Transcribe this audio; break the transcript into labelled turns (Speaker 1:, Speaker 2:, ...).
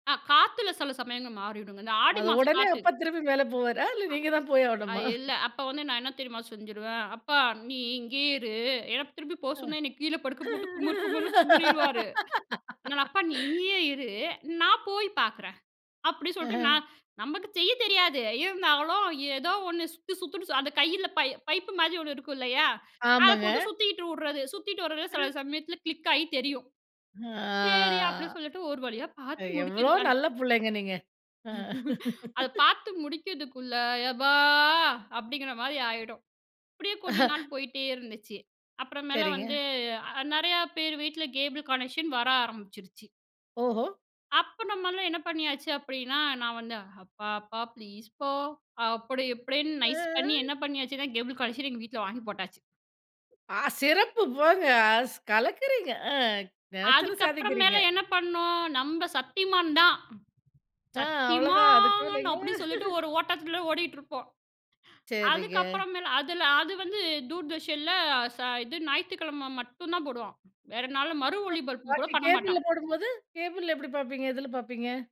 Speaker 1: அ காத்துல சில சமயங்கள் மாறிடுங்க இந்த ஆடி
Speaker 2: அது
Speaker 1: மாசம்
Speaker 2: உடனே
Speaker 1: காத்து.
Speaker 2: அப்பா திருப்பி மேல போவாரா, இல்ல நீங்க தான் போய்
Speaker 1: அ
Speaker 2: ஆவணுமா?
Speaker 1: இல்ல அப்ப வந்து நான் என்ன தெரியுமா செஞ்சுருவேன். அப்பா நீ இங்கேயே இரு ஏன்னா திருப்பி போ
Speaker 2: ஆ.
Speaker 1: சொன்னா என்ன கீழே படுக்க போட்டு குமறு குமுறுன்னு குமறிடுவாரு, அதனால அப்பா நீ இங்கேயே இரு நான் போய் பார்க்குறேன். அப்டி சொல்ட்டு
Speaker 2: அஹன்.
Speaker 1: நான் நமக்கு செய்ய தெரியாது இருந்தாலும் ஏதோ ஒண்ணு சுத்து சுத்துனு சு அந்த கையில பை பைப்பு மாரி ஒண்ணு இருக்குல்லையா, அத
Speaker 2: ஆமாங்க.
Speaker 1: போட்டு சுத்திட்டு வுடறது சுத்திட்டு வருது சில சமயத்தில கிளிக்காயி தெரியும். செரி
Speaker 2: ஆ.
Speaker 1: அப்டின்னு சொல்லிட்டு ஒரு வழியா பாத்து
Speaker 2: எவ்வளோ
Speaker 1: முடிக்கிதுக.
Speaker 2: நல்ல புள்ளைங்க நீங்க. அ
Speaker 1: அத பாத்து முடிக்கிறதுக்குள்ள எபா அப்டிங்கிற மாரி ஆயிடும். அப்டியே கொஞ்ச நாள் போயிட்டே இருந்துச்சு, அப்புறமேல
Speaker 2: சேரிங்க.
Speaker 1: வந்து அ நறையா பேரு வீட்டில கேபிள் கனெக்ஷன் வர ஆரம்பிச்சுருச்சு.
Speaker 2: ஓஹோ!
Speaker 1: அப்ப நம்மலாம் என்ன பண்ணியாச்சு அப்டின்னா நான் வந்து அப்பா அப்பா ப்ளீஸ்ப்பா அப்டி இப்டின்னு நைஸ் பண்ணி
Speaker 2: அ.
Speaker 1: என்ன பண்ணியாச்சுன்னா கேபிள் கனெக்க்ஷன் எங்க வீட்ல வாங்கி போட்டாச்சு.
Speaker 2: ஆ, சிறப்பு போங்க அஸ் கலக்குறீங்க அ நெனைச்சத
Speaker 1: அதுக்கப்புறம் மேல
Speaker 2: சாதிக்கிறீங்க.
Speaker 1: என்ன பண்ணோம் நம்ப சத்திமான் தான்.
Speaker 2: ஆ அவ்வளவுதான்
Speaker 1: சத்திமான்
Speaker 2: அதுக்குமேலங்க.
Speaker 1: அப்டின்னு சொல்லிட்டு ஒரு ஓட்டத்தில ஓடிகிட்டிருப்போம்.
Speaker 2: சேரிங்க.
Speaker 1: அதுக்கப்புறம் மேல் அதில அது வந்து தூர்தர்ஷனில, ச இது ஞாயித்திக்கிழம மட்டும் தான் போடுவான். வேற நாள்ல மறு
Speaker 2: [unintelligible]
Speaker 1: ஒலிபரப்பு கூட
Speaker 2: பாக்கி
Speaker 1: பண்ண
Speaker 2: கேபிள்ல
Speaker 1: மாட்டான்.
Speaker 2: போடும்போது, கேபிள்ல எப்டி பார்ப்பீங்க எதில பார்ப்பீங்க?